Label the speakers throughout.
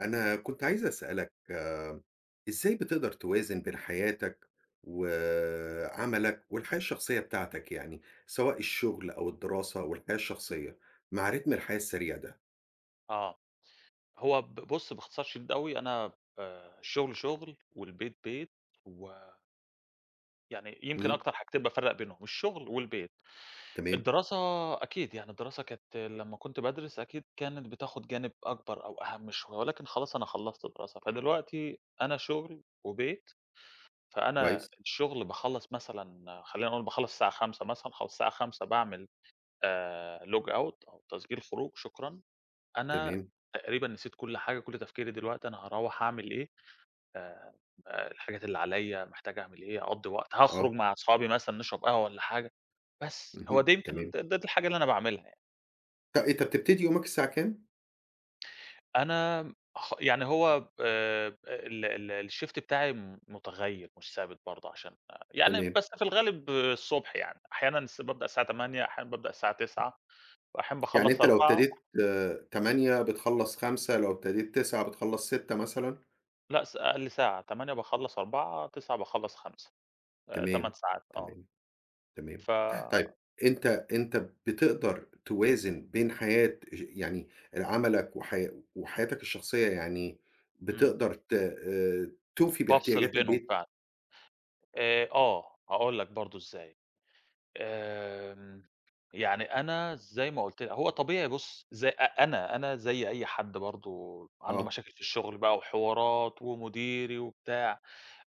Speaker 1: أنا كنت عايز أسألَك، إزاي بتقدَر توازن بين حياتَك وعملَك والحياة الشخصية بتاعتَك يعني؟ سواء الشغل أو الدراسة أوالحياة الشخصية، مع رتم الحياة السريع ده؟
Speaker 2: آه، هو ب بُص باختصار شديد أوي، أنا آآ، الشغل شغل، والبيت بيت و يعني يمكن
Speaker 1: إمم.
Speaker 2: أكتر حاجتين بافرّق بينهم، الشغل والبيت.
Speaker 1: تمام.
Speaker 2: الدراسة أكيد يعني، الدراسة كانت لما كنت بادرس، أكيد كانت بتاخد جانب أكبر أو أهم شوية، ولكن خلاص أنا خلّصت دراسة، فدلوقتي أنا شغل وبيت. فأنا
Speaker 1: كويس.
Speaker 2: الشغل باخلّص مثلًا خلينا نقول باخلّص الساعة 17:00 مثلًا، خلاص الساعة 17:00 باعمل، آآ log out أو تسجيل خروج، شكرًا أنا
Speaker 1: تمام.
Speaker 2: تقريبًا نسيت كل حاجة، كل تفكيري دلوقتي أنا هاروَّح أعمل إيه؟ آآ، آآ، الحاجات اللي عليّا، محتاج أعمل إيه، هاقضّي وقت، هأخرج
Speaker 1: آه.
Speaker 2: مع أصحابي مثلًا نشرب قهوة والَّا حاجة. بس، هو
Speaker 1: اهم،
Speaker 2: دي يمكن
Speaker 1: تمام.
Speaker 2: د ده الحاجة اللي أنا باعملها يعني.
Speaker 1: طب، أنتَ بتبتدي يومَك الساعة كام؟
Speaker 2: أنا خ يعني هو ب ال ال الشيفت بتاعي م مُتغير، مش ثابت برضو عشان أ يعني
Speaker 1: تمام.
Speaker 2: بس في الغالب الصبح يعني، أحيانًا س بابدأ الساعة 08:00، أحيانًا بابدأ الساعة 09:00، وأحيانًا
Speaker 1: يعني
Speaker 2: باخلص
Speaker 1: أنتَ لو
Speaker 2: 16:00
Speaker 1: ابتديت
Speaker 2: امم.
Speaker 1: 08:00 بتخلص 17:00 لو ابتديت 09:00 بتخلص 18:00 مثلًا؟
Speaker 2: لأ، س أقل ساعة، 08:00 باخلّص 16:00 09:00 باخلّص 17:00 آآ، 8
Speaker 1: تمام،
Speaker 2: ساعات، آه.
Speaker 1: تمام، تمام.
Speaker 2: ف
Speaker 1: طيب، أنت أنت بتقدر توازن بين حياة ش يعني ال عملك وح وحياتك الشخصية، يعني
Speaker 2: إمم.
Speaker 1: بتقدر ت تُوفي
Speaker 2: بافصل
Speaker 1: باحتياجات
Speaker 2: بينهم
Speaker 1: البيت؟
Speaker 2: فعلًا. آآ، آه هاقول لك برضو إزاي، آمم، يعني أنا زي ما قلت ل هو طبيعي، بُصّ، زي أ أنا، أنا زي أي حد برضو عنده
Speaker 1: آه.
Speaker 2: مشاكل في الشغل بقى وحوارات ومديري وبتاع،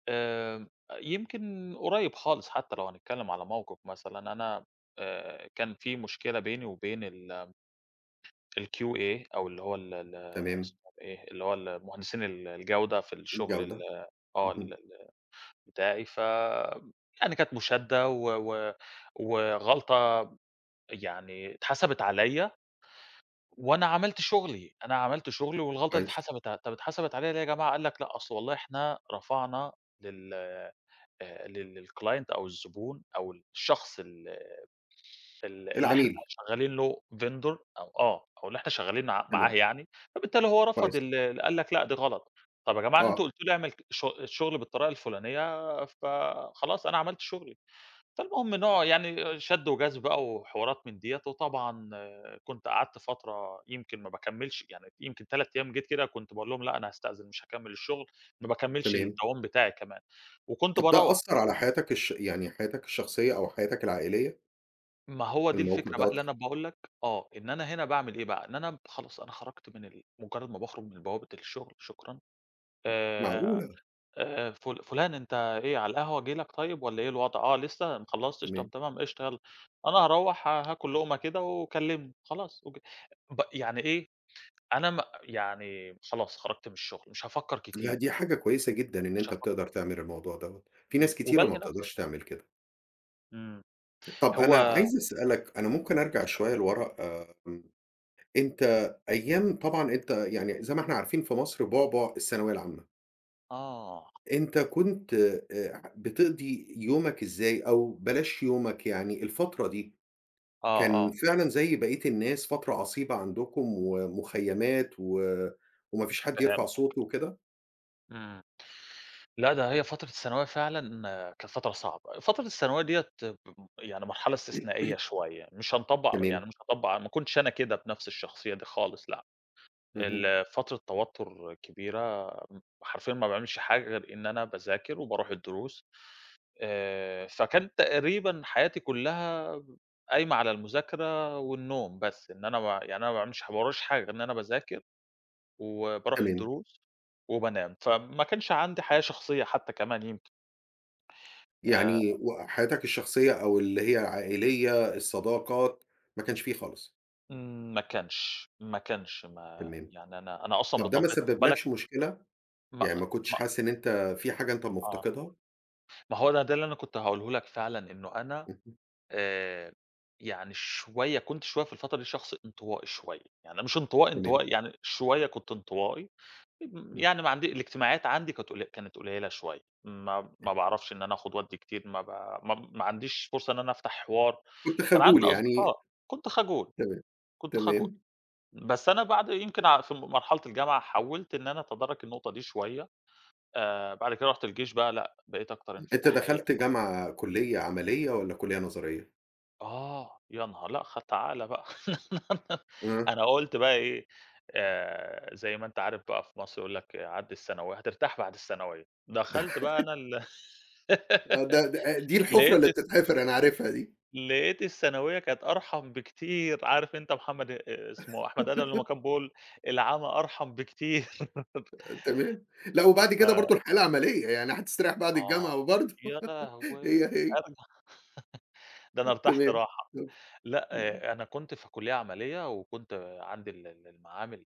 Speaker 2: آآ، يمكن قريّب خالص حتى لو هنتكلم على موقف مثلًا أنا آآ، كان في مشكلة بيني وبين ال الQA أو اللي هو ال ال
Speaker 1: تمام.
Speaker 2: إسمه إيه؟ اللي هو ال مهندسين ال الجودة في الشغل ال
Speaker 1: الجودة،
Speaker 2: آه،
Speaker 1: اهم.
Speaker 2: ال ال بتاعي، فيعني كانت مشادة و و وغلطة يعني اتحسَبت عليَّ، وأنا عملت شغلي، أنا عملت شغلي والغلطة دي
Speaker 1: كويس.
Speaker 2: اتحسبت ع "طب اتحسبت عليَّ ليه يا جماعة؟" قال لك: "لأ، أصل والله إحنا رفعنا لل آآ، لل للClient أو الزبون أو الشخص ال ال اللي إحنا
Speaker 1: العميل.
Speaker 2: شغالين له Vendor أو آه أو اللي إحنا شغالين ع معاه
Speaker 1: تمام.
Speaker 2: يعني، فبالتالي هو رفض
Speaker 1: كويس.
Speaker 2: ال قال لك: 'لأ، دي غلط.'" "طب يا جماعة أنتم
Speaker 1: آه.
Speaker 2: قلتوا لي أعمل ك شغ الشغل بالطريقة الفلانية، فخلاص أنا عملت شغلي." فالمهم نوع يعني شد وجذب بقى وحوارات من ديّة، وطبعًا كنت قعدت فترة يمكن ما باكمّلش يعني يمكن 3 أيام جيت كده، كنت باقول لهم: "لأ، أنا هاستأذن مش هاكمّل الشغل." ما باكمّلش
Speaker 1: تمام.
Speaker 2: الدوام بتاعي كمان وكنت
Speaker 1: طب ده
Speaker 2: باروّح.
Speaker 1: أثّر على حياتك الش يعني حياتك الشخصية أو حياتك العائلية؟
Speaker 2: ما هو دي
Speaker 1: الموقف
Speaker 2: الفكرة بقى
Speaker 1: دوَّة
Speaker 2: اللي
Speaker 1: خ
Speaker 2: أنا باقول لك آه، إن أنا هنا باعمل إيه بقى، إن أنا ب خلاص أنا خرجت من ال مجرد ما باخرج من بوابة الشغل، شكرًا آآ،
Speaker 1: معقولة!
Speaker 2: آآ، فل فلان أنت إيه على القهوة آجي لك طيب والَّا إيه الوضع؟ آه لسّه، ما خلّصتش طب
Speaker 1: تمام.
Speaker 2: تمام قشطة يالّا، أنا هاروَّح ه هاكل لُقمة كده وكلّمني، خلاص أوكي، ب يعني إيه أنا م يعني خلاص خرجت من الشغل، مش هافكَّر
Speaker 1: لأ، دي
Speaker 2: كتير.
Speaker 1: حاجة كويسة جدًا إن
Speaker 2: مش
Speaker 1: أنت
Speaker 2: هافكَّر.
Speaker 1: بتقدر تعمل الموضوع دوَّة، في
Speaker 2: امم،
Speaker 1: ناس كتيرة ما
Speaker 2: وبالهي نفسي.
Speaker 1: بتقدرش تعمل كده.
Speaker 2: امم
Speaker 1: ط طب
Speaker 2: هو
Speaker 1: أنا عايز أسألك أنا ممكن أرجع
Speaker 2: اتفضل.
Speaker 1: شوية لورا، آآ، امم، أنت أيام طبعًا أنت يعني زي ما إحنا عارفين في مصر، بُعْبُع الثانوية العامة.
Speaker 2: آه.
Speaker 1: أنت كنت آآ، بتِقْضي يومك إزاي، أو بلاش يومك يعني الفترة دي،
Speaker 2: آه،
Speaker 1: كان
Speaker 2: آه.
Speaker 1: فعلًا زي بقية الناس فترة عصيبة عندكم، ومخيّمات و وما فيش حد يرفع صوتُه
Speaker 2: فهمتك.
Speaker 1: وكده؟
Speaker 2: إمم، لأ ده هي فترة الثانوية فعلًا كانت فترة صعبة، فترة الثانوية ديَّة اب يعني مرحلة استثنائية شوية، مش هنطبّق
Speaker 1: تمام.
Speaker 2: يعني مش هاطبّق ما كنتش أنا كده بنفس الشخصية دي خالص لأ،
Speaker 1: اهم.
Speaker 2: ال فترة توتر كبيرة م حرفيًا ما باعملش حاجة غير إن أنا باذاكر وباروح الدروس آآ، فكان تقريبًا حياتي كلّها قايمة على المذاكرة والنوم بس، إن أنا ب يعني أنا ما باعملش ح ما وراييش حاجة غير إن أنا باذاكر، وباروح
Speaker 1: تمام.
Speaker 2: الدروس وبانام، فما كانش عندي حياة شخصية حتى كمان يمكن. آآ
Speaker 1: يعني و حياتك الشخصية، أو اللي هي العائلية، الصداقات ما كانش في خالص؟
Speaker 2: ما كانش ما كانش ما
Speaker 1: تمام،
Speaker 2: يعني أنا أنا أصلًا
Speaker 1: طب ده ما
Speaker 2: بطبيعتي خد بالك
Speaker 1: سبّبلكش مشكلة، يعني ما
Speaker 2: مأ
Speaker 1: كنتش
Speaker 2: مأ
Speaker 1: حاسس إن أنت في حاجة أنت
Speaker 2: آه.
Speaker 1: مفتقدها؟
Speaker 2: ما هو ده ده اللي أنا كنت هاقوله لك فعلًا، إنه أنا
Speaker 1: اهم.
Speaker 2: آآ، يعني شوية كنت شوية في الفترة دي شخص انطوائي شوية، يعني مش انطوائي،
Speaker 1: تمام.
Speaker 2: انطوائي، يعني شوية كنت انطوائي،
Speaker 1: امم.
Speaker 2: يعني ما عندي الاجتماعيات عندي كانت ق كانت قليّلة شوية، ما
Speaker 1: تمام.
Speaker 2: ما باعرفش إن أنا آخد وأدّي كتير، ما با ما ما عنديش فرصة إن أنا أفتح حوار،
Speaker 1: كنت
Speaker 2: كان
Speaker 1: خجول
Speaker 2: عندي
Speaker 1: يعني.
Speaker 2: أصدقاء، كنت خجول،
Speaker 1: تمام،
Speaker 2: كنت خجول.
Speaker 1: تمام.
Speaker 2: بس أنا بعد يمكن ع في مرحلة الجامعة حاولت إن أنا أتدارك النقطة دي شوية، آآ، بعد كده رُحت الجيش بقى، لأ، بقيت أكتر
Speaker 1: أنت
Speaker 2: انفتاحية
Speaker 1: دخلت
Speaker 2: شوية.
Speaker 1: جامعة، كليّة عملية، والَّا كليّة نظرية؟
Speaker 2: آه، يا نهار! لأ، خ تعالَ بقى،
Speaker 1: آه.
Speaker 2: أنا قلت بقى إيه، آآ، زي ما أنت عارف بقى في مصر يقول لك عدّي الثانوية، وهترتاح بعد الثانوية دخلت بقى أنا ال
Speaker 1: آه، ده د أ أ دي الحُفرة
Speaker 2: لقيت
Speaker 1: اللي
Speaker 2: الث
Speaker 1: بتتحفر، أنا عارفها دي.
Speaker 2: لقيت الثانوية كانت أرحم بكتير، عارف أنت محمد آآ، اسمه أحمد آدم لمَّا كان بيقول: "العمى أرحم بكتير."
Speaker 1: أ تمام، لأ
Speaker 2: أ
Speaker 1: وبعد كده برضه
Speaker 2: ف
Speaker 1: الحياة العملية، يعني حتستريّح بعد
Speaker 2: آه،
Speaker 1: الجامعة وبرضه،
Speaker 2: يالهوي!
Speaker 1: هي، هي.
Speaker 2: أبدًا ده أنا ارتحت
Speaker 1: تمام،
Speaker 2: راحة،
Speaker 1: آه، امم.
Speaker 2: لأ أنا كنت في كلية عملية وكنت عندي ال ال المعامل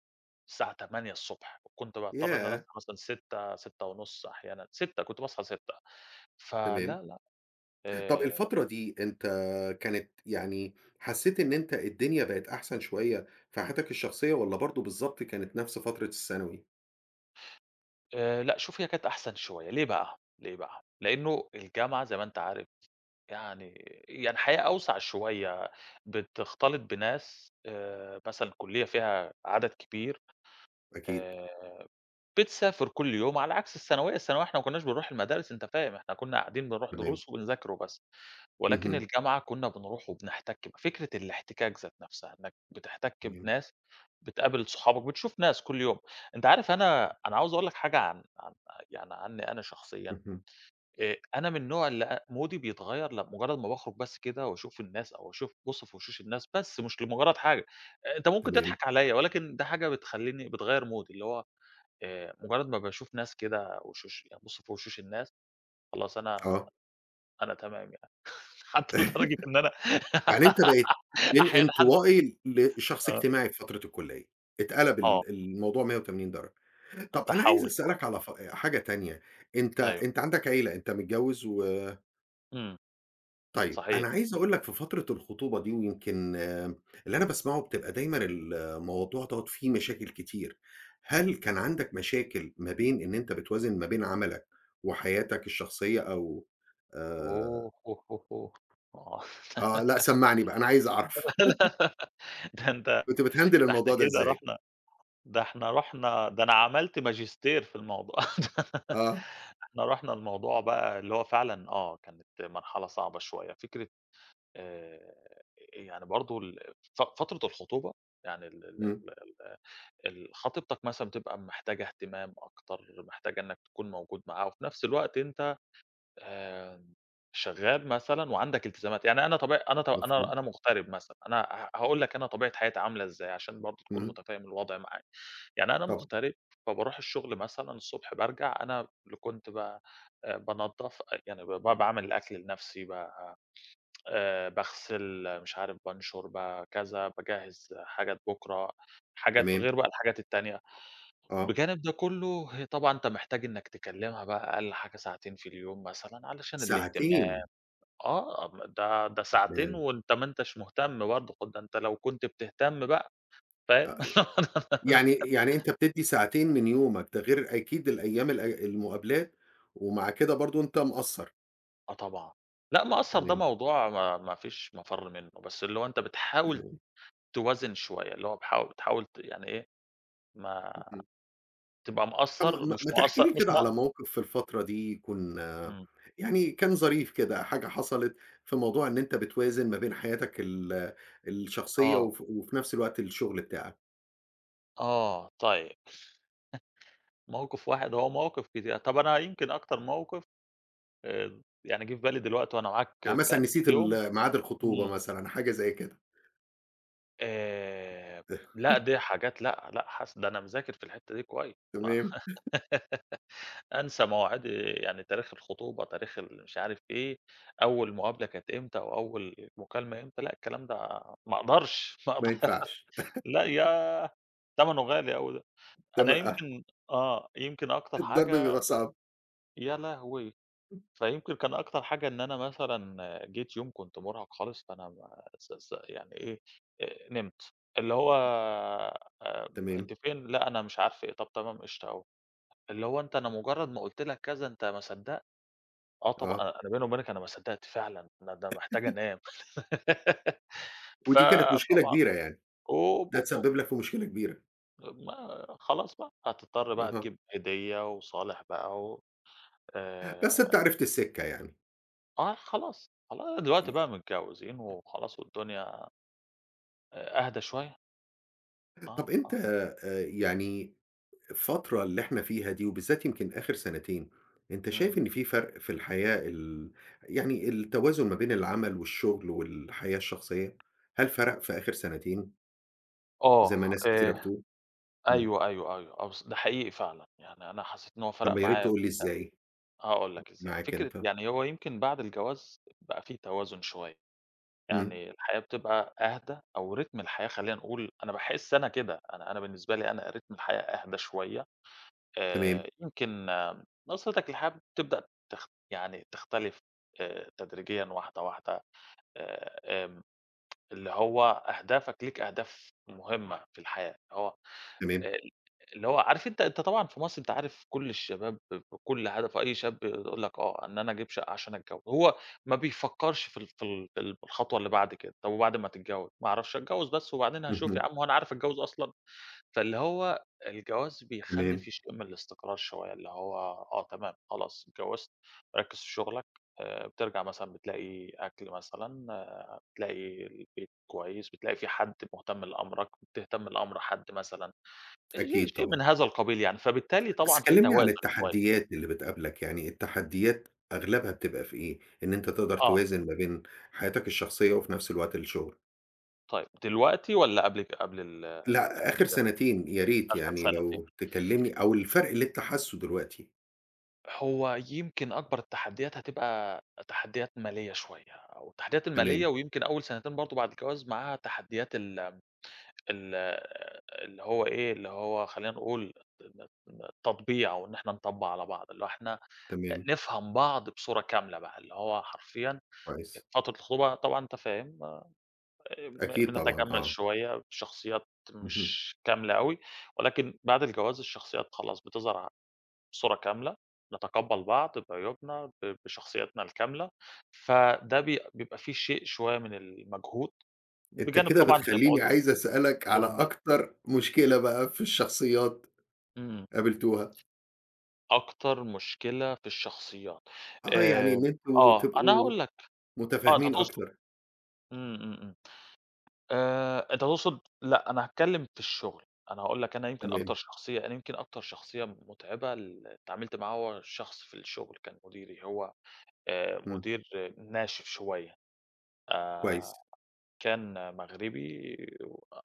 Speaker 2: الساعة 08:00 ص وكنت باضطّر إن أنا أصحى
Speaker 1: ياه!
Speaker 2: مثلًا 06:00، 06:30 أحيانًا، 06:00 كنت باصحى 06:00 ف لا
Speaker 1: تمام،
Speaker 2: لأ،
Speaker 1: طب
Speaker 2: آآ
Speaker 1: الفترة دي، أنت كانت يعني حسّيت إن أنت الدنيا بقِت أحسن شوية في حياتك الشخصية، والَّا برضه بالضبط كانت نفس فترة الثانوي؟
Speaker 2: آآ، لأ شوف هي كانت أحسن شويّة ليه بقى؟ ليه بقى؟ لأنّه الجامعة زي ما أنت عارف يعني يعني حياة أوسع شويّة بتختلط بناس آآ مثلًا الكلية فيها عدد كبير
Speaker 1: أكيد.
Speaker 2: آآ بتسافر كل يوم على عكس الثانوية، الثانوية إحنا ما كناش بنروح المدارس أنت فاهم إحنا كنّا قاعدين بنروح
Speaker 1: تمام.
Speaker 2: دروس ونذاكر وبس، ولكن
Speaker 1: اهم.
Speaker 2: الجامعة كنّا بنروح وبنحتك، فكرة الاحتكاك ذات نفسها إنّك بتحتك
Speaker 1: تمام.
Speaker 2: بناس بتقابل صحابك بتشوف ناس كل يوم، أنت عارف أنا أنا عاوز أقول لك حاجة عن عن يعني عنّي أنا شخصيًا
Speaker 1: اهم.
Speaker 2: آآ، أنا من نوع اللي مودي بيتغيّر لم مجرّد ما باخرج بس كده وأشوف الناس أو أشوف أبص في وشوش الناس بس مش لمجرد حاجة، أنت ممكن
Speaker 1: تمام.
Speaker 2: تضحك عليَّ، ولكن ده حاجة بتخليني بتغير مودي بتاعي اللي هو آآ مجرّد ما باشوف ناس كده وشوش أبص في وشوش الناس خلاص أنا
Speaker 1: آه.
Speaker 2: أنا تمام يعني حتّى لدرجة إن أنا
Speaker 1: يعني أنت بقيت من
Speaker 2: أحيانًا ح
Speaker 1: انطوائي لشخص
Speaker 2: آه.
Speaker 1: اجتماعي في فترة الكلية، اتقلب
Speaker 2: آه.
Speaker 1: ال الموضوع 180 درجة.
Speaker 2: أ
Speaker 1: طب أنا عايز
Speaker 2: تحوُّل
Speaker 1: أسأل
Speaker 2: شوية.
Speaker 1: لك على ف حاجة تانية أنت
Speaker 2: أيوه.
Speaker 1: أنت عندك عيلة أنت متجوز و
Speaker 2: امم،
Speaker 1: طيب،
Speaker 2: صحيح.
Speaker 1: أنا عايز أقول لك في فترة الخطوبة دي، ويمكن اللي أنا باسمعه بتبقى دايمًا الموضوع دوّة فيه مشاكل كتير، هل كان عندك مشاكل ما بين إن أنت بتوازن ما بين عملك وحياتك الشخصية، أو آآ
Speaker 2: أوه! هو هو هو.
Speaker 1: آه، لأ سمّعني بقى أنا عايز أعرف.
Speaker 2: ده أنت
Speaker 1: كنت بتهندل
Speaker 2: ده إحنا
Speaker 1: الموضوع ده
Speaker 2: كده
Speaker 1: إزاي؟
Speaker 2: رُحنا ده إحنا رُحنا ده أنا عملت ماجستير في الموضوع ده،
Speaker 1: آه.
Speaker 2: إحنا رُحنا لموضوع بقى اللي هو فعلًا آه كانت مرحلة صعبة شوية، فكرة آآ، يعني برضو ال ف فترة الخطوبة يعني ال ال
Speaker 1: امم.
Speaker 2: ال ال ال خطيبتك مثلًا بتبقى محتاجة اهتمام أكتر، محتاجة إنك تكون موجود معاها، وفي نفس الوقت أنت آآ، شغال مثلًا وعندك التزامات، يعني أنا طبيع أنا ط أنا
Speaker 1: مفهوم.
Speaker 2: أنا مغترب مثلًا، أنا ه هاقول لك أنا طبيعة حياتي عاملة إزاي، عشان برضو تكون
Speaker 1: امم.
Speaker 2: متفهم الوضع معايا، يعني أنا
Speaker 1: طبعًا.
Speaker 2: مغترب فبارُوح الشغل مثلًا الصبح، بارجع أنا اللي كنت ب بانضّف يعني ب ب باعمل الأكْل لنفسي، ب آآ، باغسل مش عارف بانشُر بكذا، باجهّز حاجات بُكرة، حاجات
Speaker 1: تمام.
Speaker 2: غير بقى الحاجات التانية،
Speaker 1: آه.
Speaker 2: بجانب ده كلّه طبعًا أنت محتاج إنك تكلمها بقى أقل حاجة ساعتين في اليوم مثلًا علشان الاهتمام،
Speaker 1: ساعتين!
Speaker 2: آه ده ده ساعتين
Speaker 1: تمام.
Speaker 2: وأنت ما أنتش مهتم برضو، خ ده أنت لو كنت بتهتم بقى،
Speaker 1: أ أ
Speaker 2: فاهم؟
Speaker 1: يعني يعني أنت بتدّي ساعتين من يومك، ده غير أكيد الأيام ال المقابلات، ومع كده برضو أنت مقصّر.
Speaker 2: آه طبعًا. لأ مقصّر ده
Speaker 1: تمام.
Speaker 2: موضوع ما ما فيش مفر منه، بس اللي هو أنت بتحاول
Speaker 1: تمام.
Speaker 2: توازن شوية، اللي هو بحاو بتحاول ت يعني إيه، ما
Speaker 1: اهم.
Speaker 2: تبقى مقصّر
Speaker 1: آمم ما
Speaker 2: مش
Speaker 1: ما تحكي
Speaker 2: مقصّر
Speaker 1: لي
Speaker 2: مش
Speaker 1: كده
Speaker 2: م
Speaker 1: على موقِف في الفترة دي يكون
Speaker 2: امم.
Speaker 1: يعني كان ظريف كده، حاجة حصلت في موضوع إن أنت بتوازن ما بين حياتك ال الشخصية
Speaker 2: آه.
Speaker 1: وف وفي نفس الوقت الشغل بتاعك؟
Speaker 2: آه طيّب. موقف واحد! هو مواقف كتيرة طب أنا يمكن أكتر موقف آآ يعني جه في بالي دلوقتي وأنا معاك،
Speaker 1: يعني مثلًا
Speaker 2: كان
Speaker 1: نسيت
Speaker 2: في يوم
Speaker 1: ال ميعاد الخطوبة
Speaker 2: امم.
Speaker 1: مثلًا، حاجة زي كده.
Speaker 2: آآ لأ دي حاجات لأ، لأ حاس ده أنا مذاكر في الحتة دي كوي ما
Speaker 1: تمام.
Speaker 2: أنسى مواعيد؟ يعني تاريخ الخطوبة، تاريخ المش عارف إيه، أول مقابلة كانت إمتى، وأول مكالمة إمتى؟ لأ الكلام ده ما أقدرش، ما
Speaker 1: ما
Speaker 2: أقدر
Speaker 1: ينفعش.
Speaker 2: لأ ياه! تمنه غالي أوي ده. أنا
Speaker 1: تما آه.
Speaker 2: يمكن آه يمكن أكتر
Speaker 1: الضرب
Speaker 2: حاجة
Speaker 1: بيبقي صعب.
Speaker 2: يا لهوي! فيمكن كان أكتر حاجة إن أنا مثلًا جيت يوم كنت مُرهَق خالص فأنا ما س س يعني إيه؟ نمت، اللي هو آمم
Speaker 1: تمام.
Speaker 2: أنتِ فين؟ لأ أنا مش عارفة إيه، طب تمام قشطة أوي. اللي هو أنت أنا مُجرّد ما قلت لك كذا أنت ما صدقت! آه طبعًا،
Speaker 1: آه.
Speaker 2: أ أنا بيني وبينِك أنا ما صدّقت فعلًا، أنا ده محتاج أنام.
Speaker 1: ودي كانت مشكلة
Speaker 2: فطبعًا
Speaker 1: كبيرة يعني؟
Speaker 2: هوب،
Speaker 1: ده
Speaker 2: هوب، هوب،
Speaker 1: اتسبب
Speaker 2: هوب.
Speaker 1: لك في مشكلة كبيرة؟
Speaker 2: آآ ما خلاص بقى هتضطر بقى
Speaker 1: أها.
Speaker 2: تجيب هدية وصالح بقى وآآ
Speaker 1: بس أنت عرفت السكة يعني.
Speaker 2: آه، خلاص، خل
Speaker 1: ي
Speaker 2: دلوقتي بقى متجوزين وخلاص والدنيا أ أهدي شوية. آه،
Speaker 1: طب، أنت
Speaker 2: آه.
Speaker 1: آآ، يعني الفترة اللي إحنا فيها دي وبالذات يمكن آخر سنتين، أنت شايف
Speaker 2: إمم.
Speaker 1: إن في فرق في الحياة ال يعني التوازن ما بين العمل والشغل والحياة الشخصية؟ هل فرق في آخر سنتين؟ زي ما
Speaker 2: آه،
Speaker 1: ناس كتيرة
Speaker 2: آآ،
Speaker 1: بتقول، إمم.
Speaker 2: أيوه، أيوه، أيوه، آه، بص ده حقيقي فعلًا، يعني أنا حسيت إن هو
Speaker 1: طب،
Speaker 2: فرق
Speaker 1: ما يا ريت
Speaker 2: معايا
Speaker 1: تقول لي
Speaker 2: جدًا.
Speaker 1: إزاي؟
Speaker 2: هاقول لك إزاي،
Speaker 1: معاك
Speaker 2: فكرة
Speaker 1: أنت.
Speaker 2: يعني هو يمكن بعد الجواز بقى في توازن شوية،
Speaker 1: إمم.
Speaker 2: يعني الحياة بتبقى أهدى أو رتم الحياة خلينا نقول، أنا باحس أنا كده أنا أنا بالنسبة لي أنا رتم الحياة أهدى شوية.
Speaker 1: تمام.
Speaker 2: آآ، يمكن نظرتك للحياة تبدأ تخ يعني تختلف آآ، تدريجيًا واحدة واحدة آآ، آمم، اللي هو أهدافك، ليك أهداف مهمة في الحياة هو
Speaker 1: تمام.
Speaker 2: آآ اللي هو آآ، عارف أنت أنت طبعًا في مصر أنت عارف كل الشباب كل هدفه أي شاب بيقول لك آه، إن أنا أجيب شقة عشان أتجوز، هو ما بيفكرش في ال في ال الخطوة اللي بعد كده. طب، وبعد ما تتجوز؟ ما أعرفش، أتجوز بس وبعدين هاشوف يا
Speaker 1: اهم.
Speaker 2: عم هو أنا عارف أتجوز أصلًا. فاللي هو الجواز بيخلي
Speaker 1: تمام.
Speaker 2: في شئ من الاستقرار شوية، اللي هو آه، تمام خلاص اتجوزت، ركز في شغلك آآ، بترجع مثلًا بتلاقي أكل مثلًا، بتلاقي البيت كويس، بتلاقي في حد مهتم لأمرك، بتهتم لأمر حد مثلًا،
Speaker 1: أكيد،
Speaker 2: ش شيء من
Speaker 1: طبعًا.
Speaker 2: هذا القبيل يعني، فبالتالي
Speaker 1: بس
Speaker 2: طبعًا في
Speaker 1: كلمني عن
Speaker 2: توازن شوية.
Speaker 1: التحديات اللي بتقابلك يعني، التحديات أغلبها بتبقى في إيه؟ إن أنت تقدر
Speaker 2: آه.
Speaker 1: توازن ما بين حياتك الشخصية وفي نفس الوقت الشغل؟
Speaker 2: طيب، دلوقتي والّا قبل ك قبل ال ال
Speaker 1: لا
Speaker 2: قبل
Speaker 1: آخر
Speaker 2: كده؟
Speaker 1: سنتين يا ريت
Speaker 2: أخر
Speaker 1: يعني
Speaker 2: سنتين.
Speaker 1: لو تكلمني أو الفرق اللي أنت حاسه دلوقتي؟
Speaker 2: هو يمكن أكبر التحديات هتبقى تحديات مالية شوية، أو التحديات
Speaker 1: تمام.
Speaker 2: المالية ويمكن أول سنتين برضه بعد الجواز معاها تحديات ال م ال اللي هو إيه، اللي هو خلينا نقول ن ن تطبيع أو إن إحنا نطبَّع على بعض، اللي هو إحنا
Speaker 1: تمام.
Speaker 2: نفهم بعض بصورة كاملة بقى، اللي هو حرفيًا،
Speaker 1: كويس.
Speaker 2: فترة الخطوبة طبعًا أنت فاهم، أ ب
Speaker 1: أكيد طبعًا
Speaker 2: بنتجمَّل
Speaker 1: آه.
Speaker 2: شوية، شخصيات
Speaker 1: اهم.
Speaker 2: مش كاملة أوي، ولكن بعد الجواز الشخصيات خلاص بتظهر ع بصورة كاملة، نتقبَّل بعض بعيوبنا، ب بشخصياتنا الكاملة، فده ب بيبقى في شيء شوية من المجهود،
Speaker 1: أنت
Speaker 2: بجانب
Speaker 1: كده
Speaker 2: طبعًا زي ما
Speaker 1: بتخليني
Speaker 2: قُلت،
Speaker 1: عايز أسألك على
Speaker 2: أمور المال
Speaker 1: أكتر مشكلة بقى في الشخصيات
Speaker 2: إمم.
Speaker 1: قابلتوها؟
Speaker 2: أكتر مشكلة في الشخصيات،
Speaker 1: آه يعني
Speaker 2: آآ
Speaker 1: إن أنتم
Speaker 2: آه أنا
Speaker 1: تبقوا
Speaker 2: هاقول لك، آه أنت
Speaker 1: متفاهمين
Speaker 2: تقصد
Speaker 1: أكتر.
Speaker 2: إمم، إمم، إمم، آآ أنت تقصد لأ أنا هاتكلّم في الشغل، أنا هاقول لك أنا يمكن أكتر
Speaker 1: تمام.
Speaker 2: شخصية أنا يمكن أكتر شخصية متعبة اللي اتعاملت معاه، هو شخص في الشغل كان مديري هو، آآ
Speaker 1: إمم.
Speaker 2: مدير ناشف شوية، آآ
Speaker 1: كويس.
Speaker 2: كان مغربي،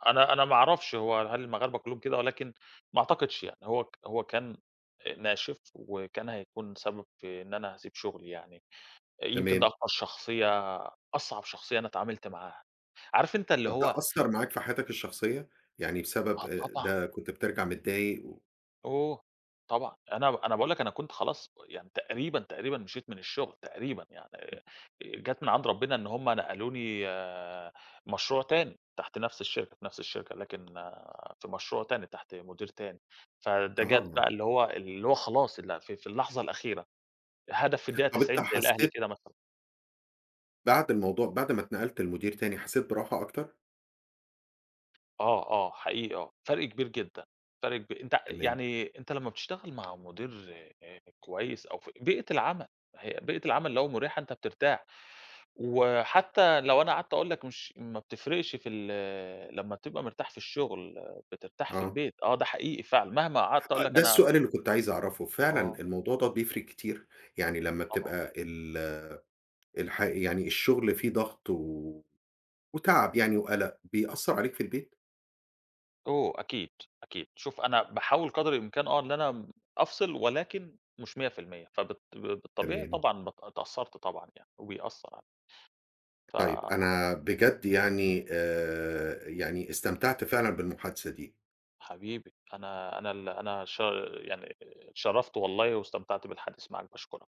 Speaker 2: أنا أنا ما أعرفش هو هل المغاربة كلهم كده، ولكن ما أعتقدش يعني هو هو كان ناشف وكان هيكون سبب في إن أنا هاسيب شغلي يعني، يمكن ده
Speaker 1: تمام.
Speaker 2: أكتر شخصية أصعب شخصية أنا اتعاملت معاها. عارف أنت اللي
Speaker 1: طب
Speaker 2: هو
Speaker 1: ده أثر معاك في حياتك الشخصية؟ يعني بسبب
Speaker 2: آه
Speaker 1: آآ
Speaker 2: طبعًا.
Speaker 1: ده كنت بترجع متضايق و
Speaker 2: أوه! طبعًا أنا أنا باقول لك، أنا كنت خلاص و يعني تقريبًا تقريبًا مشيت من الشغل تقريبًا، يعني آآ، جات من عند ربنا إن هُم نقلوني مشروع تاني تحت نفس الشركة، في نفس الشركة لكن في مشروع تاني تحت مدير تاني، فده جات
Speaker 1: آه.
Speaker 2: بقى اللي هو اللي هو خلاص اللي في في اللحظة الأخيرة، هدف في الدقيقة
Speaker 1: طب أنت
Speaker 2: ال90 زي الأهلي
Speaker 1: حسيت
Speaker 2: كده مثلًا.
Speaker 1: بعد الموضوع بعد ما اتنقلت لمدير تاني حسيت براحة أكتر؟
Speaker 2: آه آه، حقيقي آه، فرق كبير جدًا، فرق كبي أنت
Speaker 1: تمام.
Speaker 2: يعني أنت لمّا بتشتغل مع مدير آآ كويس أو ف بيئة العمل، ما هي بيئة العمل لو مُريحة أنت بترتاح، وحتى لو أنا قعدت أقول لك مش ما بتفرقش في ال لمّا بتبقى مرتاح في الشغل بترتاح في
Speaker 1: آه.
Speaker 2: البيت، آه ده حقيقي فعلًا، مهما قعدت أقول
Speaker 1: آه،
Speaker 2: لك
Speaker 1: ده
Speaker 2: أنا
Speaker 1: السؤال اللي كنت عايز أعرفه، فعلًا
Speaker 2: آه.
Speaker 1: الموضوع ده بيفرق كتير؟ يعني لمّا
Speaker 2: طبعًا.
Speaker 1: بتبقى ال الح يعني الشغل فيه ضغط و وتعب يعني وقلق، بيأثّر عليك في البيت؟
Speaker 2: أوه! أكيد، أكيد، شوف أنا باحاول قدر الإمكان آه إن أنا أفصل، ولكن مش %100 فبالط ب بالطبيعي
Speaker 1: تمام.
Speaker 2: طبعًا بت اتأثرت طبعًا يعني وبيأثر عل ف
Speaker 1: طيب أنا بجد يعني آآ، يعني استمتعت فعلًا بالمحادثة دي.
Speaker 2: حبيبي، أنا أنا ال أنا ش يعني اتشرفت والله واستمتعت بالحديث معاك، باشكرك.